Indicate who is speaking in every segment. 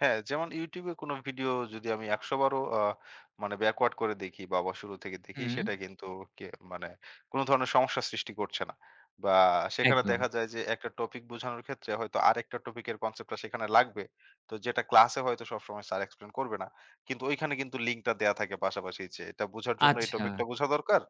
Speaker 1: হ্যাঁ, যেমন YouTube এ কোন ভিডিও যদি আমি ১০০ বার ও আ মানে backward করে দেখি বা আবার শুরু থেকে দেখি,
Speaker 2: হুম।
Speaker 1: সেটা কিন্তু কে মানে কোন ধরনের সমস্যা সৃষ্টি করছে না, বা সেখানে
Speaker 2: একদম।
Speaker 1: দেখা যায় যে, একটা টপিক বোঝানোর ক্ষেত্রে, হয়তো আরেকটা টপিক এর কনসেপ্টটা সেখানে লাগবে। তো, যেটা ক্লাসে হয়তো সবসময় স্যার এক্সপ্লেইন করবে না। কিন্তু ঐখানে কিন্তু লিংকটা দেওয়া থাকে পাশাপাশি যে, এটা বোঝার জন্য এই
Speaker 2: আচ্ছা।
Speaker 1: টপিকটা বোঝা দরকার।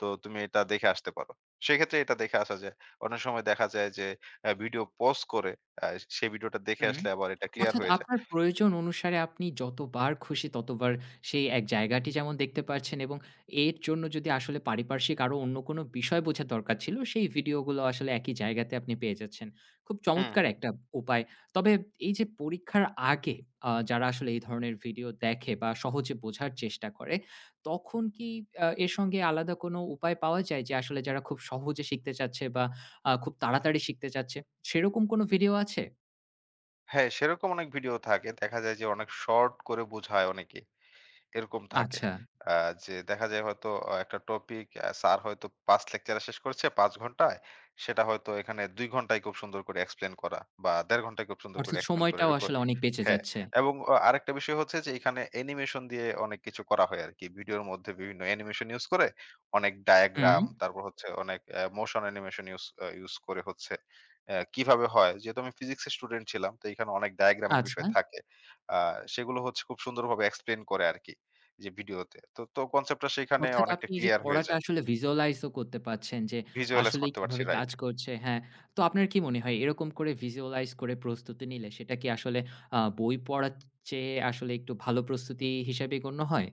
Speaker 1: তো, তুমি এটা দেখে আসতে পারো। সেক্ষেত্রে এটা দেখে আসা যায়। অনেক সময় দেখা যায় যে, অ্যা ভিডিও pause করে, অ্যা সেই ভিডিওটা দেখে
Speaker 2: হুম।
Speaker 1: আসলে আবার এটা ক্লিয়ার
Speaker 2: অর্থাৎ
Speaker 1: হয়ে যায়।
Speaker 2: আপনার প্রয়োজন অনুসারে আপনি যতবার খুশি ততবার, সেই এক জায়গাটি যেমন দেখতে পাচ্ছেন এবং এর জন্য যদি আসলে পারিপার্শ্বিক আরো অন্য কোন বিষয় বোঝার দরকার ছিল, সেই ভিডিওগুলো আসলে একই জায়গাতে আপনি পেয়ে যাচ্ছেন। খুব
Speaker 1: হুম,
Speaker 2: চমৎকার
Speaker 1: হুম।
Speaker 2: একটা উপায়। তবে এই যে পরীক্ষার আগে, আ যারা আসলে এই ধরনের ভিডিও দেখে বা সহজে বোঝার চেষ্টা করে, তখন কি আ এর সঙ্গে আলাদা কোন উপায় পাওয়া যায় যে, আসলে যারা খুব সহজে শিখতে চাচ্ছে বা আ খুব তাড়াতাড়ি শিখতে চাচ্ছে। সেরকম কোন ভিডিও আছে?
Speaker 1: হ্যাঁ, সেরকম অনেক ভিডিও থাকে। দেখা যায় যে, অনেক শর্ট করে বোঝায় অনেকেই। এরকম থাকে,
Speaker 2: আচ্ছা।
Speaker 1: আ যে দেখা যায় হয়তো, আ একটা টপিক, আ স্যার হয়তো ৫ লেকচারে শেষ করেছে ৫ ঘন্টায়, সেটা হয়তো এখানে ২ ঘন্টায় খুব সুন্দর করে এক্সপ্লেইন করা বা ১.৫ ঘন্টায় খুব সুন্দর করে
Speaker 2: অর্থাৎ
Speaker 1: এক্সপ্লেইন করে,
Speaker 2: সময়টাও
Speaker 1: এরকম
Speaker 2: আসলে অনেক বেঁচে
Speaker 1: হ্যাঁ,
Speaker 2: যাচ্ছে।
Speaker 1: এবং আ আরেকটা বিষয় হচ্ছে যে, এখানে অ্যানিমেশন দিয়ে অনেক কিছু করা হয় আর কি। ভিডিওর মধ্যে বিভিন্ন অ্যানিমেশন ইউজ করে অনেক diagram
Speaker 2: হুম।
Speaker 1: তারপর হচ্ছে অনেক এ motion animation ইউজ আ ইউজ করে হচ্ছে অ্যা কিভাবে হয়? যেহেতু আমি ফিজিক্স এর স্টুডেন্ট ছিলাম। তো এখানে অনেক diagram এর বিষয়
Speaker 2: আচ্ছা?
Speaker 1: থাকে। আ সেগুলো হচ্ছে খুব সুন্দরভাবে এক্সপ্লেইন করে আর কি যে, ভিডিওতে। তো তো, কনসেপ্ট টা সেখানে
Speaker 2: অর্থাৎ
Speaker 1: অনেকটা
Speaker 2: আপনি এই যে
Speaker 1: ক্লিয়ার হয়ে
Speaker 2: পড়াটা
Speaker 1: যায়।
Speaker 2: আসলে Visualize ও করতে পারছেন যে
Speaker 1: Visualize
Speaker 2: আসলেই
Speaker 1: করতে পারছি,
Speaker 2: কিভাবে কাজ
Speaker 1: রাইট।
Speaker 2: করছে। হ্যাঁ, তো আপনার কি মনে হয় এরকম করে Visualize করে প্রস্তুতি নিলে সেটা কি আসলে আ বই পড়ার চ চেয়ে আসলে একটু ভালো প্রস্তুতি হিসেবে গণ্য হয়?